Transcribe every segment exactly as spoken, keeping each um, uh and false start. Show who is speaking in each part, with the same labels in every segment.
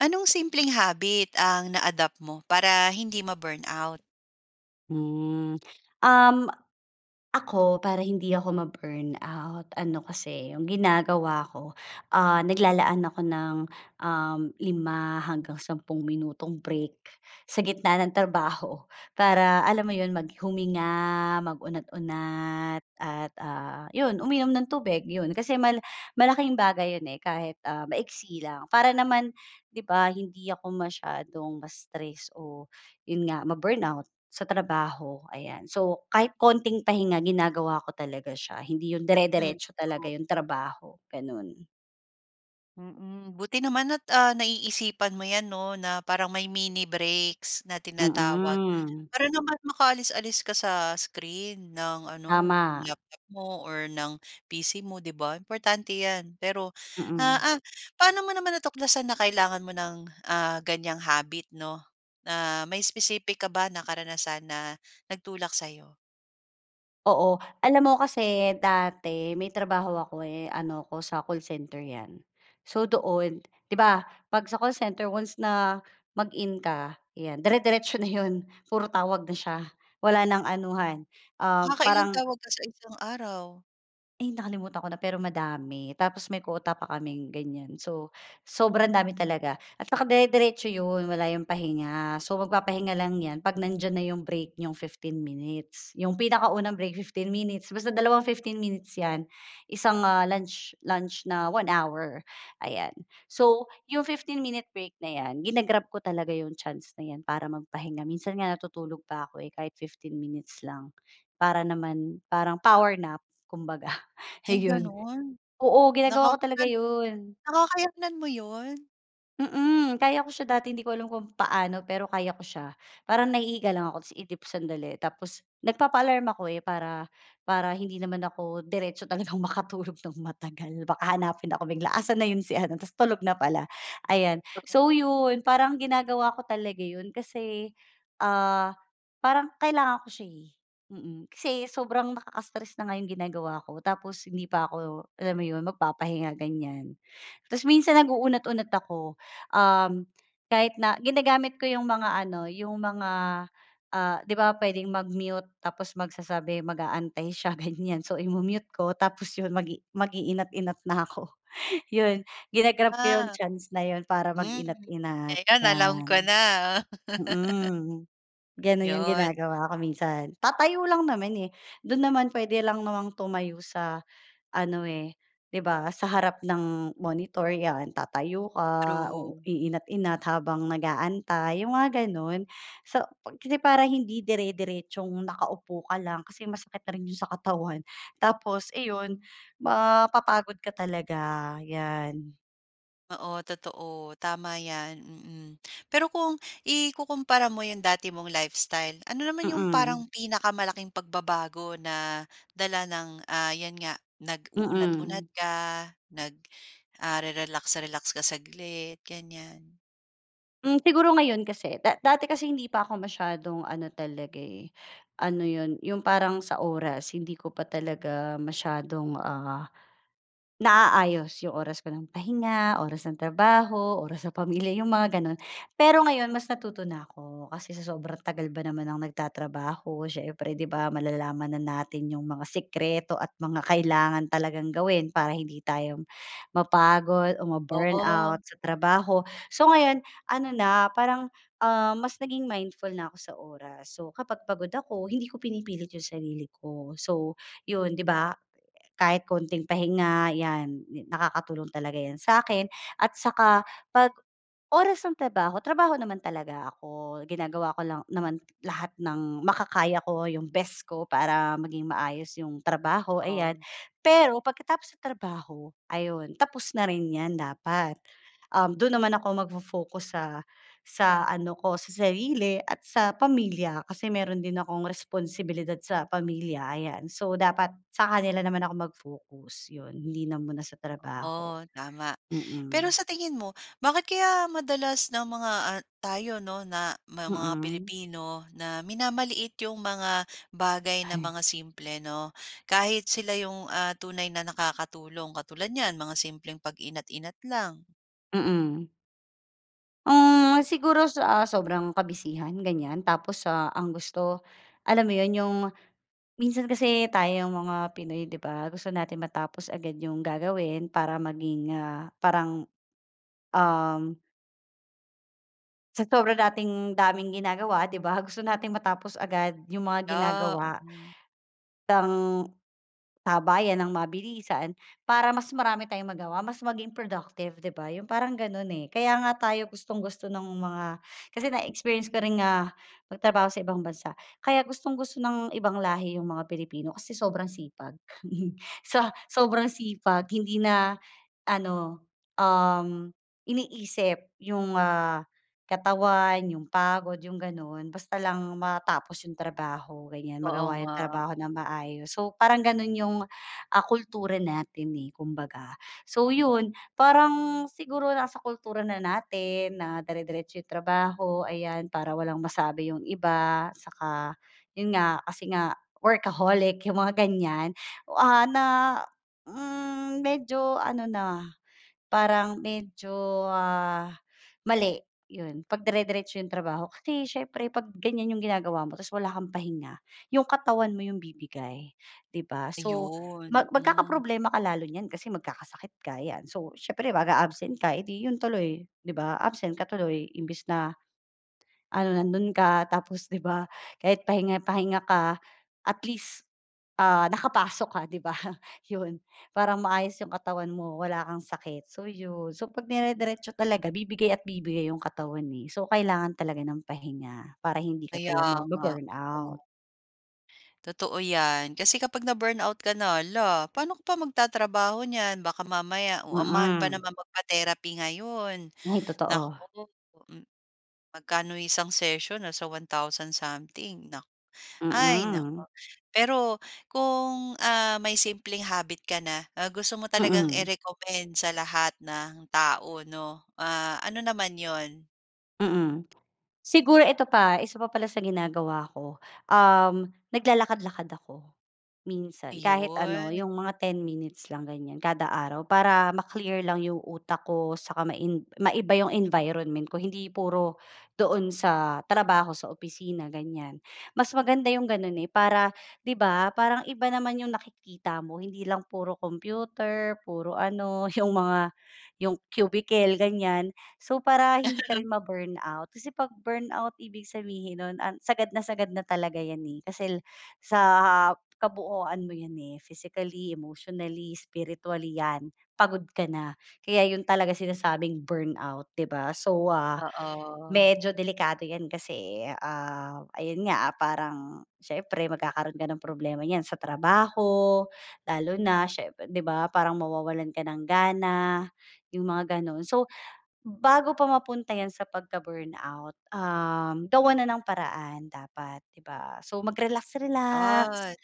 Speaker 1: Anong simpleng habit ang na-adapt mo para hindi ma-burnout?
Speaker 2: Hmm, um, ako para hindi ako ma-burnout, ano kasi 'yong ginagawa ko, ah, naglalaan ako ng, um, lima hanggang sampung minutong break sa gitna ng trabaho, para alam mo iyon, mag huminga, mag-unat-unat at, ah, iyon uminom ng tubig, iyon. Kasi mal malaking bagay iyon, eh, kahit, ah, maiksi lang. Para naman 'di ba hindi ako masyadong ma-stress o 'yon nga ma-burnout sa trabaho, ayan. So kahit konting pahinga ginagawa ko talaga siya, hindi 'yon
Speaker 1: Hmm,
Speaker 2: dire-diretso talaga
Speaker 1: true.
Speaker 2: 'yong trabaho gano'n.
Speaker 1: Mm. Buti naman at, ah, naiisipan mo iyan no na parang may mini breaks na tinatawag
Speaker 2: Mm.
Speaker 1: para naman makaalis-alis ka sa screen ng ano
Speaker 2: Tama.
Speaker 1: laptop mo or ng P-C mo, 'di ba? Importante iyan. Pero, ah,
Speaker 2: Mm.
Speaker 1: ah, paano mo naman natuklasan na kailangan mo ng, ah, ganyang habit no? Ah, may specific ka ba na karanasan na nagtulak sa iyo?
Speaker 2: Oo, alam mo kasi dati may trabaho ako eh, ano ako sa call center 'yan. So doon, 'di ba, pag sa call center once na mag-in ka 'yan, dire-diretso na 'yon, puro tawag na siya, wala nang anuhan, um,
Speaker 1: Nakakailang
Speaker 2: parang
Speaker 1: tawag ka sa isang araw?
Speaker 2: Ay, nakalimutan ko na, pero madami, tapos may quota pa kaming ganyan. So sobrang dami talaga at naka-dire-diretso 'yon, wala 'yong pahinga. So magpapahinga lang 'yan 'pag nandiyan na 'yong break, nyong fifteen minutes. 'Yong pinakaunang break fifteen minutes, basta dalawang fifteen minutes 'yan, isang, ah, lunch lunch na one hour, ayan. So 'yong fifteen-minute break na 'yan, ginag-grab ko talaga 'yong chance na 'yan para magpahinga. Minsan nga natutulog pa ako, eh, kahit fifteen minutes lang, para naman, parang power nap kumbaga,
Speaker 1: Ay,
Speaker 2: ayon.
Speaker 1: gano'n?
Speaker 2: Oo, ginagawa ko talaga
Speaker 1: Nakakan
Speaker 2: yun.
Speaker 1: nakakayanan mo 'yon?
Speaker 2: Mm. Kaya ko siya dati, hindi ko alam kung paano, pero kaya ko siya, parang nahihiga lang ako tapos iidip sandali, tapos nagpapaalarm ako, eh, para para hindi naman ako diretso talagang makatulog ng matagal. Baka hanapin ako bigla, "Asan na 'yon si ano?" ta's tulog na pala, ayan.
Speaker 1: To
Speaker 2: So yun, parang ginagawa ko talaga 'yon kasi, ah, parang kailangan ko siya, eh, mm. Kasi sobrang nakaka-stress na nga yung ginagawa ko, tapos hindi pa ako, alam mo 'yon, magpapahinga, ganyan. Ta's minsan nag-uunat-unat ako, um, kahit na ginagamit ko yung mga ano, yung mga, ah, 'di ba pwedeng mag-mute? Tapos magsasabi, mag-aantay siya ganyan. So imu-mute ko tapos yon, mag-i mag-iinat-inat na ako. Yun, gina-grab ko yung
Speaker 1: Ah.
Speaker 2: chance na yon para
Speaker 1: Hmm,
Speaker 2: mag-inat-inat,
Speaker 1: ngayon alam ko
Speaker 2: 'yan.
Speaker 1: na.
Speaker 2: Mm. Gano'n 'yong
Speaker 1: 'Yon.
Speaker 2: ginagawa ko minsan. Tatayo lang naman, eh, do'n naman puwede lang namang tumayo sa ano, eh, 'di ba sa harap ng monitor 'yan, tatayo ka, uu
Speaker 1: True.
Speaker 2: inat-inat habang nag-aantay, 'yong mga gano'n. So pag kasi para hindi dire-diretsong nakaupo ka lang kasi masakit na rin 'yong sa katawan, tapos iyon, mapapagod ka talaga, 'yan.
Speaker 1: Oo totoo, tama 'yan, mm. Pero kung ikukumpara mo 'yong dati mong lifestyle ano naman 'yong
Speaker 2: Mm.
Speaker 1: parang pinakamalaking pagbabago na dala ng, ah, 'yan nga nag-uunat-unat
Speaker 2: Mm.
Speaker 1: ka, nag ah, re-relax-relax ka saglit ganiyan?
Speaker 2: Hmm, siguro ngayon kasi, da dati kasi hindi pa ako masyadong ano talaga, eh, ano 'yon, yung parang sa oras hindi ko pa talaga masyadong, ah, naaayos yung oras ko ng pahinga, oras ng trabaho, oras sa pamilya yung mga gano'n. Pero ngayon, mas natuto na ako kasi sa sobrang tagal ba naman ng nagtatrabaho siyempre 'di ba, malalaman na natin yung mga sikreto at mga kailangan talagang gawin para hindi tayo, mapagod o
Speaker 1: Oo.
Speaker 2: ma-burnout sa trabaho. So, ngayon ano na parang, ah, mas naging mindful na ako sa oras. So, kapag pagod ako, hindi ko pinipilit yung sarili ko. So 'yon, 'di ba, kahit konting pahinga 'yan, nakakatulong talaga 'yan sa akin at saka 'pag, oras ng trabaho, trabaho naman talaga ako. Ginagawa ko lang naman lahat ng makakaya ko, yung best ko, para maging maayos 'yong trabaho ayan.
Speaker 1: Oh.
Speaker 2: Pero pagkatapos sa trabaho, ayun tapos na rin 'yan dapat. Um, do'n naman ako magfo-focus sa sa ano ko sa sarili at sa pamilya, kasi meron din akong responsibilidad sa pamilya ayan. So dapat sa kanila naman ako mag-focus 'yon hindi na muna sa trabaho.
Speaker 1: Oh, tama. Pero
Speaker 2: Mm.
Speaker 1: sa tingin mo bakit kaya madalas na mga, ah, tayo 'no, na ma mga
Speaker 2: Mm.
Speaker 1: Pilipino na minamaliit yung mga bagay na
Speaker 2: Hay.
Speaker 1: mga simple, 'no? Kahit sila yung, ah, tunay na nakakatulong? Katulad niyan mga simpleng pag-inat inat lang.
Speaker 2: Mm. Hmm, siguro sa sobrang kabisihan, ganiyan, tapos, ah, ang gusto, alam mo 'yon, 'yong minsan kasi tayong mga Pinoy, 'di ba, gusto natin matapos agad 'yong gagawin para maging, ah, parang, um Sa sobra nating daming ginagawa, 'di ba, gusto nating matapos agad 'yung mga
Speaker 1: Yeah,
Speaker 2: ginagawa.
Speaker 1: mm.
Speaker 2: Tang sabayan nang mabilisan, para mas marami tayong magawa, mas maging productive, 'di ba, 'yung parang gano'n, eh. Kaya nga tayo gustong-gusto no'ng mga kasi na-experience ko ring, ah, magtrabaho sa ibang bansa. Kaya gustong-gusto ng ibang lahi 'yung mga Pilipino, kasi sobrang sipag. Sa sobrang sipag hindi na, ano, um, iniisip 'yung, ah, katawan, 'yung pagod, 'yung gano'n. Basta lang matapos 'yung trabaho ganiyan,
Speaker 1: Oo
Speaker 2: magawa 'yung
Speaker 1: nga.
Speaker 2: trabaho nang maayos. So parang gano'n 'yung ah, kultura natin, eh, kumbaga. So 'yun, parang siguro nasa kultura na natin na dire-diretso 'yung trabaho, ayan, para walang masabi 'yung iba, tsaka, 'yun nga, kasi nga workaholic, 'yung mga ganiyan. Oh, ah, na, hmm, medyo ano na, parang medyo, ah, mali 'yon, 'pagdire-diretso 'yong trabaho. Kasi siyempre 'pag ganiyan 'yong ginagawa mo tapos wala kang pahinga, 'yong katawan mo 'yong bibigay 'di ba? So
Speaker 1: Ayun,
Speaker 2: mag
Speaker 1: mm.
Speaker 2: magkakaproblema ka lalo niyan kasi magkakasakit ka 'yan, so siyempre mag-a-absent ka, eh, 'di 'yon tuloy, 'di ba? Absent ka tuloy, imbes na ano nando'n ka tapos 'di ba, kahit pahinga-pahinga ka at least, ah, nakapasok ka, 'di ba? 'Yon. Parang maayos 'yong katawan mo wala kang sakit. So 'yon, so 'pag dire-diretso talaga bibigay at bibigay 'yong katawan, eh. So kailangan talaga ng pahinga para hindi ka
Speaker 1: Kaya
Speaker 2: talaga
Speaker 1: nga.
Speaker 2: ma-burnout.
Speaker 1: Oh. Totoo 'yan. Kasi kapag na-burnout ka na, lah, paano ka pa magtatrabaho niyan? Baka mamaya, oh, ang mahal pa
Speaker 2: Mm.
Speaker 1: naman magpa-therapy ngayon.
Speaker 2: Ay, totoo.
Speaker 1: Naku, Hmm, magkano isang session, nasa one thousand something nak ay naku.
Speaker 2: Mm.
Speaker 1: Pero kung, ah, may simpleng habit ka na, ah, gusto mo talagang
Speaker 2: Mm.
Speaker 1: i-recommend sa lahat ng tao 'no, ah, ano naman 'yon?
Speaker 2: Mm. Siguro ito pa, isa pa pala sa ginagawa ko, um, naglalakad-lakad ako minsan. Kahit ano,
Speaker 1: Ayun.
Speaker 2: mga ten minutes lang, ganyan kada araw para ma-clear lang 'yong utak ko saka main maiba 'yong environment ko, hindi puro doon sa trabaho, sa opisina, ganyan. Mas maganda 'yong gano'n, eh, para 'di ba, parang iba naman 'yong nakikita mo, hindi lang puro kompyuter, puro ano, 'yong mga 'yong cubicle, ganyan. So, para hindi ka rin ma-burnout. Kasi 'pag burnout ibig sabihin nun an sagad na sagad na talaga 'yan, eh. Kasi la sa kabuuan mo 'yan, eh. Physically, emotionally, spiritually 'yan, pagod ka na. Kaya 'yun talagang sinasabing burnout, 'di ba. So, ah,
Speaker 1: Oo.
Speaker 2: medyo delikado 'yan kasi, ah, ayun nga, parang siyempre magkakaroon ka ng problema niyan sa trabaho, lalo na siyempre 'di ba parang mawawalan ka ng gana, 'yong mga ganun. So, bago pa mapunta 'yan sa pagka-burnout, um, gawan na ng paraan dapat, 'di ba? So, mag relax-relax,
Speaker 1: At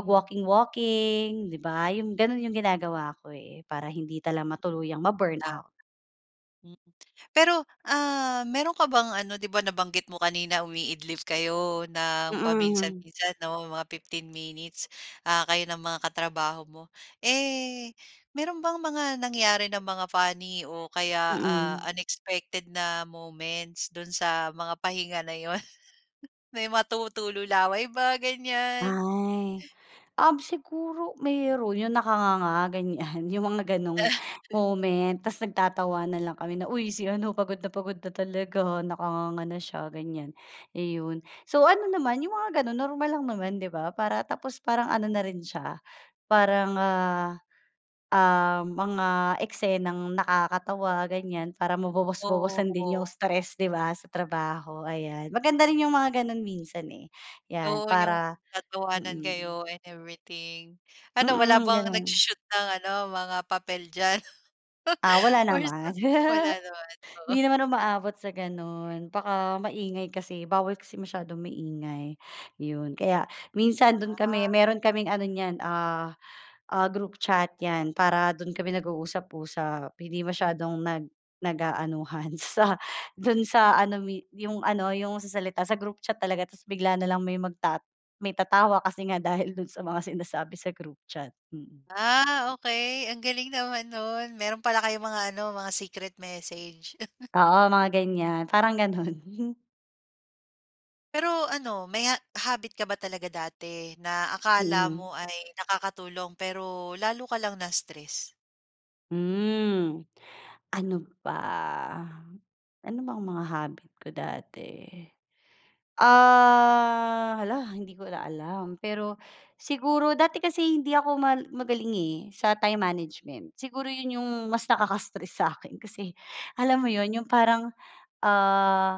Speaker 1: hmm.
Speaker 2: 'di ba? 'Yung ganun ang ginagawa ko, eh, para hindi talaga matuluyang
Speaker 1: Tama.
Speaker 2: ma-burnout.
Speaker 1: Hmm, pero, ah, meron ka bang ano, 'di ba nabanggit mo kanina umiidlip kayo nang
Speaker 2: Mm.
Speaker 1: paminsan-minsan 'no, mga fifteen minutes, ah, kayo ng mga katrabaho mo. Eh, meron bang mga nangyari na mga funny o kaya, ah,
Speaker 2: Mm.
Speaker 1: unexpected na moments do'n sa mga pahinga na 'yon? May matu tulo laway ba, ganyan?
Speaker 2: Ay. Um, siguro mayro'n 'yong nakanganga, ganyan 'yong mga ganong moment tas nagtatawanan lang kami na, "Uy, si ano, pagod na pagod na talaga, nakanganga na siya." Ganyan, iyon. So, ano naman 'yong mga gano'n normal lang naman 'di ba, para tapos parang ano na rin siya, parang, ah, um, mga eksenang nakakatawa, ganyan para mabawas-bawasan din 'yong
Speaker 1: Oo.
Speaker 2: stress, 'di ba, sa trabaho, ayan. Maganda rin 'yong mga gano'n minsan, eh, 'yan
Speaker 1: Oo, yung
Speaker 2: para
Speaker 1: tatawanan
Speaker 2: mm.
Speaker 1: kayo and everything. Ano, wala
Speaker 2: Mm,
Speaker 1: bang
Speaker 2: gano'n.
Speaker 1: nagsho-shoot ng ano, mga papel diyan?
Speaker 2: Ah, wala naman.
Speaker 1: [unintelligible] Wala naman,
Speaker 2: Hindi
Speaker 1: oo.
Speaker 2: naman umaabot sa ganun. Baka maingay kasi bawal kasi masyadong maingay, 'yon. Kaya minsan dun
Speaker 1: Ah.
Speaker 2: kami, meron kaming ano niyan, ah, ah group chat 'yan para do'n kami nag-uusap-usap, hindi masyadong nag nag-aanuhan sa do'n sa ano mi 'yong ano, 'yong sa salita sa group chat talaga tapos bigla na lang may magtat may tatawa kasi nga dahil dun sa mga sinasabi sa group chat, mm.
Speaker 1: Ah, okey. Ang galing naman no'n. Mayro'n pala kayong mga ano, mga secret message.
Speaker 2: Oo, mga ganyan. Parang ganun.
Speaker 1: Pero ano, may ha habit ka ba talaga dati na akala
Speaker 2: Mm.
Speaker 1: mo ay nakakatulong pero lalo ka lang na-stress?
Speaker 2: Hmm, ano ba? Ano bang mga habit ko dati? Ah, hala hindi ko na alam, pero siguro dati kasi hindi ako mal magaling, eh, sa time management siguro yun yung mas nakaka-stress sa akin kasi alam mo yun yung parang, ah,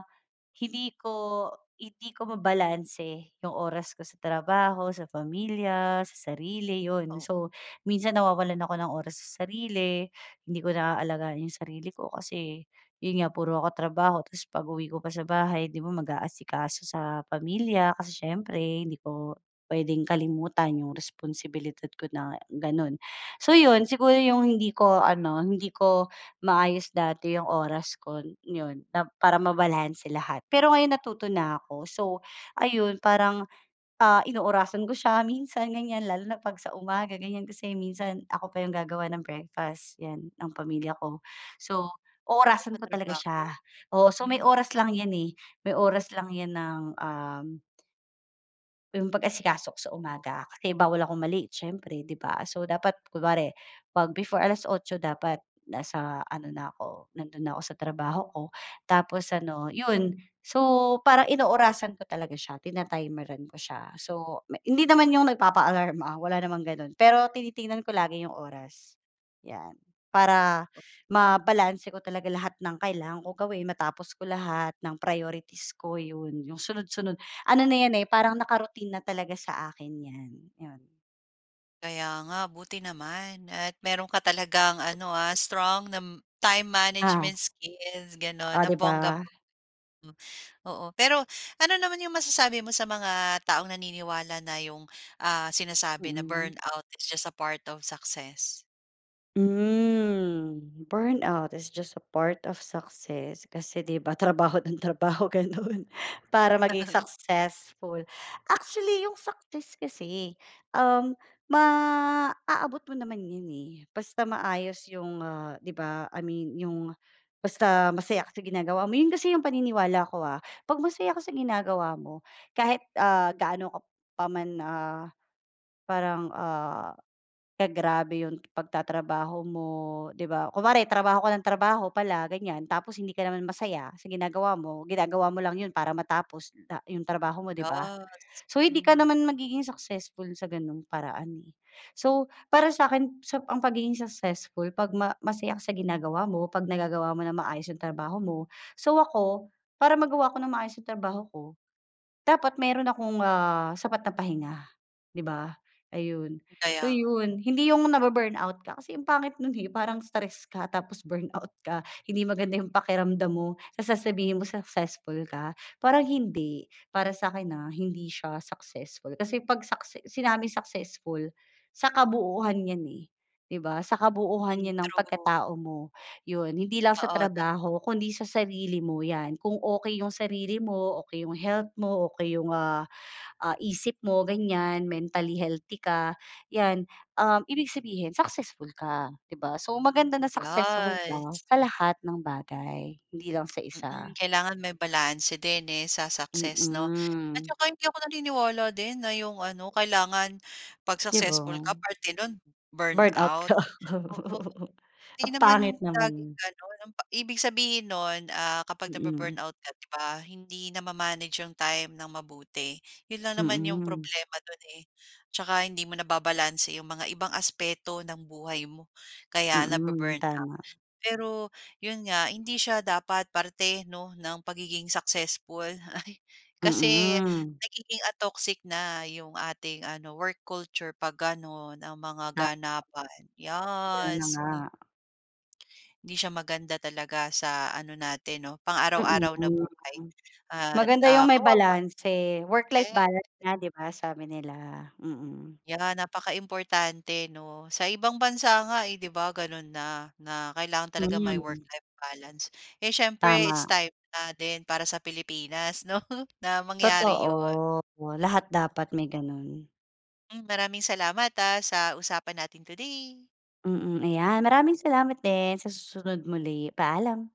Speaker 2: hindi ko hindi ko mabalanse yung oras ko sa trabaho, sa pamilya, sa sarili yun,
Speaker 1: Oo.
Speaker 2: so minsan nawawalan ako ng oras sa sarili, hindi ko naalagaan yung sarili ko kasi yun nga puro ako trabaho tas pag-uwi ko pa sa bahay, di ba mag-aasikaso sa pamilya, kasi siyempre hindi ko puwedeng kalimutan yung responsibilidad ko na ganun. So yun siguro yung hindi ko ano, hindi ko maayos dati yung oras kon yun na para mabalanse lahat. Pero ngayon natuto na ako so ayun parang, ah, inoorasan ko siya minsan ganiyan lalo na pag sa umaga, ganiyan kasi minsan ako pa yung gagawa ng breakfast yan ng pamilya ko. So
Speaker 1: Puro ka
Speaker 2: oorasan ko talaga
Speaker 1: trabaho
Speaker 2: siya, oo, so may
Speaker 1: hmm.
Speaker 2: oras lang yan, eh, may oras lang yan ng, um 'Yong pag-asikaso ko sa umaga kasi bawal akong ma-late siyempre 'di ba. So dapat kunwari, 'pag before alas otso dapat nasa ano na ako, nando'n na ako sa trabaho ko tapos ano 'yon. So parang inoorasan ko talaga siya, tina-timeran ko siya, so m hindi naman 'yong nagpapa-alarm, ah, wala namang gano'n, pero tinitingnan ko lagi 'yong oras. 'Yan, para mabalanse ko talaga lahat ng kailangan ko gawin matapos ko lahat, ng priorities ko 'yon 'yong sunod-sunod. Ano na 'yan, eh, parang naka-routine na talaga sa akin 'yan, 'yon.
Speaker 1: Kaya nga buti naman at meron ka talagang ano, ah, strong nam time
Speaker 2: Oo.
Speaker 1: management skills gano'n
Speaker 2: Oh 'di
Speaker 1: ng
Speaker 2: ba.
Speaker 1: bonggang-bonga m oo. Pero ano naman 'yong masasabi mo sa mga taong naniniwala na 'yong, ah, sinasabi na,
Speaker 2: Mm.
Speaker 1: “Burnout is just a part of success”?
Speaker 2: Hmm, "Burnout is just a part of success" kasi 'di ba trabaho ng trabaho gano'n para maging
Speaker 1: [unintelligible]
Speaker 2: successful. Actually yung success kasi, um, maaabot mo naman 'yon, eh, basta maayos 'yong, ah, 'di ba, I mean 'yong basta masaya ka sa ginagawa mo 'yon kasi 'yong paniniwala ko, ah, pag masaya ka sa ginagawa mo kahit, ah, gaano ka pa man, ah, parang, ah, ka-grabe 'yon pagtatrabaho mo 'di ba, kunwari trabaho ka nang trabaho pala ganiyan tapos hindi ka naman masaya sa ginagawa mo, ginagawa mo lang 'yon para matapos na 'yong trabaho mo 'di ba.
Speaker 1: Yas
Speaker 2: So hindi ka
Speaker 1: hmm.
Speaker 2: naman magiging successful sa gano'ng paraan, eh. So para sa’kin sop ang pagiging successful 'pag ma masaya ka sa ginagawa mo, 'pag nagagawa mo ng maayos 'yong trabaho mo. So ako, para magawa ko nang maayos 'yong trabaho ko, dapat mayro'n akong, ah, sapat na pahinga 'di ba, ayun. So
Speaker 1: Kaya nga.
Speaker 2: 'yon hindi 'yong nabu-burnout ka, kasi ang pangit no'n, eh, parang stress ka tapos burnout ka hindi maganda 'yong pakiramdam mo, tapos sasabihin mo successful ka parang hindi, para sa akin, ha. Hindi siya successful kasi 'pag succe sinabing successful, sa kabuhuan 'yan, eh, 'di ba, sa kabuuhan
Speaker 1: Hmm,
Speaker 2: 'yan ng
Speaker 1: true.
Speaker 2: pagkatao mo, 'yon hindi lang sa
Speaker 1: Oo, totoo.
Speaker 2: trabaho kundi sa sarili mo 'yan. Kung okey 'yong sarili mo, okey yung health mo, okey 'yong, ah, ah, isip mo ganiyan and mentally healthy ka, 'yan, um, ibig sabihin successful ka 'di ba. So, maganda na successful ka
Speaker 1: Yas.
Speaker 2: sa lahat ng bagay, hindi lang sa isa.
Speaker 1: Mm, kailangan may balanse din, eh, sa success 'no? At
Speaker 2: Mm.
Speaker 1: saka hindi ako naniniwala din na 'yong ano kailangan 'pag
Speaker 2: 'Di ba?
Speaker 1: successful ka parte no'n
Speaker 2: Burnout ka,
Speaker 1: burnout, oo.
Speaker 2: ang
Speaker 1: 'Di
Speaker 2: pangit
Speaker 1: naman laging
Speaker 2: naman.
Speaker 1: gano'n ang pa ibig sabihin no'n, ah, kapag
Speaker 2: Mm.
Speaker 1: na-bu-burnout ka 'di ba hindi na ma-manage 'yong time ng mabuti, 'yon lang naman 'yong
Speaker 2: Mhm.
Speaker 1: problema do'n, eh. 'Tsaka hindi mo nababalanse 'yong mga ibang aspeto ng buhay mo, kaya
Speaker 2: Mm,
Speaker 1: nabu-burn out,
Speaker 2: tama.
Speaker 1: pero 'yon nga hindi siya dapat parte 'no ng pagiging successful kasi
Speaker 2: Mhm.
Speaker 1: nagiging, ah, toxic na 'yong ating ano work culture 'pag gano'n ang mga
Speaker 2: Ta
Speaker 1: ganapan.
Speaker 2: Ayan na
Speaker 1: Yas m
Speaker 2: nga.
Speaker 1: Hindi siya maganda talaga sa ano natin 'no pang
Speaker 2: Mm,
Speaker 1: araw-araw na
Speaker 2: hmm,
Speaker 1: buhay
Speaker 2: mm.
Speaker 1: at,
Speaker 2: Maganda
Speaker 1: ah,
Speaker 2: yung may
Speaker 1: kawawa
Speaker 2: balanse "Work-life
Speaker 1: yes.
Speaker 2: balance" nga 'di ba sabi nila, mm.
Speaker 1: Yeah, napakaimportante 'no, sa ibang bansa nga, eh, 'di ba gano'n na na kailangan talaga may
Speaker 2: Hmm.
Speaker 1: work-life balance, eh, siyempre it's
Speaker 2: Tama.
Speaker 1: time na din para sa Pilipinas 'no, na mangyari
Speaker 2: Totoo,
Speaker 1: 'yon.
Speaker 2: lahat dapat may gano'n.
Speaker 1: Hmm, maraming salamat, ah, sa usapan natin today.
Speaker 2: Mm, ayan maraming salamat din sa susunod muli. Paalam.